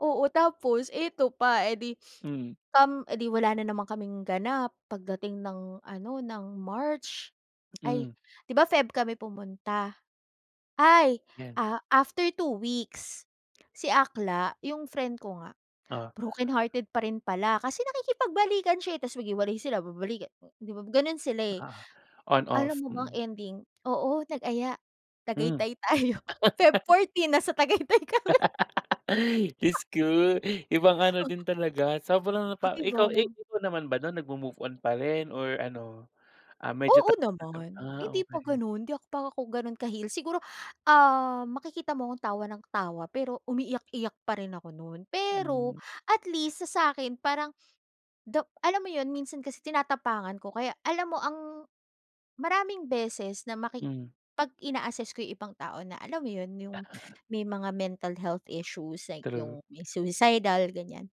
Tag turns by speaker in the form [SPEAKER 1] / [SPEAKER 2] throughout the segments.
[SPEAKER 1] Oo. Tapos eto pa, eh 'di,
[SPEAKER 2] Mm.
[SPEAKER 1] um eh di, wala na naman kaming ganap, pagdating ng ano, ng March ay
[SPEAKER 2] Hmm.
[SPEAKER 1] 'di ba, Feb kami pumunta. Ay!
[SPEAKER 2] 'Yan.
[SPEAKER 1] Ah, after two weeks, si Akla yung friend ko nga,
[SPEAKER 2] Oh.
[SPEAKER 1] brokenhearted pa rin pala kasi nakikipagbalikan siya eh, tas naghiwalay sila babalikan, 'di ba, ganun sila eh.
[SPEAKER 2] Ah,
[SPEAKER 1] Alam
[SPEAKER 2] on-off,
[SPEAKER 1] mo ba ang
[SPEAKER 2] mm.
[SPEAKER 1] ending, oo nag-aya,
[SPEAKER 2] Hmm.
[SPEAKER 1] "Tagaytay tayo." Feb 14 nasa Tagaytay kami.
[SPEAKER 2] Diyos ko, ibang ano
[SPEAKER 1] O
[SPEAKER 2] din talaga sobrang
[SPEAKER 1] Oh
[SPEAKER 2] napa
[SPEAKER 1] di ba?
[SPEAKER 2] ikaw. Ikaw naman ba nun, nagmo-move on parin or ano? Ah, medyo
[SPEAKER 1] Oo
[SPEAKER 2] [unintelligible]
[SPEAKER 1] naman.
[SPEAKER 2] Ah,
[SPEAKER 1] Hindi pa
[SPEAKER 2] okey.
[SPEAKER 1] ganun, hindi pa ako ganun ka-heal. Siguro, ah, makikita mo akong tawa ng tawa pero umiiyak-iyak pa rin ako nun. Pero
[SPEAKER 2] Hmm.
[SPEAKER 1] at least sa sa'kin parang, though alam mo yun minsan kasi tinatapangan ko kaya alam mo ang maraming beses na maki
[SPEAKER 2] Hmm.
[SPEAKER 1] pag ina-assess ko yung ibang tao na alam mo yun, yung may mga mental health issues like,
[SPEAKER 2] True.
[SPEAKER 1] yung may suicidal ganyan.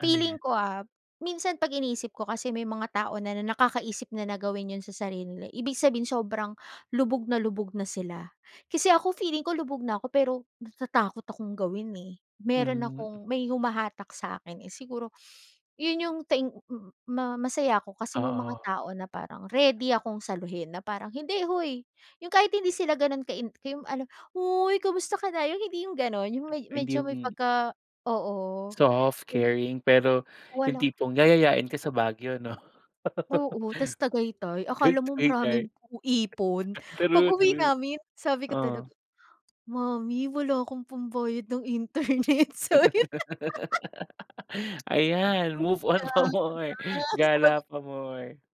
[SPEAKER 2] Ano yan?
[SPEAKER 1] Feeling ko ah, minsan pag iniisip ko kasi may mga tao na nakakaisip na na gawin yun sa sarili nila ibig sabihin sobrang lubog na lubog na sila. Kasi ako feeling ko lubog na ako, pero natatakot akong gawin, eh. Meron
[SPEAKER 2] Hmm.
[SPEAKER 1] akong may humahatak sa'kin eh, siguro yun yung thank ma-masaya ako, kasi may mga
[SPEAKER 2] Oo.
[SPEAKER 1] tao na parang ready akong saluhin na parang, "Hindi hoy," yung kahit hindi sila ganun ka in kay ano, "Hoy, kamusta ka na?" yung hindi yung ganun. Yung med
[SPEAKER 2] Hindi
[SPEAKER 1] medyo may
[SPEAKER 2] yung.
[SPEAKER 1] pagka oo.
[SPEAKER 2] Soft,
[SPEAKER 1] Pero
[SPEAKER 2] caring, pero yung
[SPEAKER 1] Walang
[SPEAKER 2] tipong yayayain ka sa Baguio, 'no?
[SPEAKER 1] Oo. Tas Tagaytay, akala mo
[SPEAKER 2] Tagaytay tay
[SPEAKER 1] maraming u ipon.
[SPEAKER 2] True,
[SPEAKER 1] Pag-uwi
[SPEAKER 2] true,
[SPEAKER 1] namin, sabi ko talaga,
[SPEAKER 2] oh.
[SPEAKER 1] "Mommy wala akong pambayad ng internet. Sorry na."
[SPEAKER 2] Ayan,
[SPEAKER 1] Mm
[SPEAKER 2] move on
[SPEAKER 1] kaya
[SPEAKER 2] pa more,
[SPEAKER 1] nga, sabi
[SPEAKER 2] gala pa more.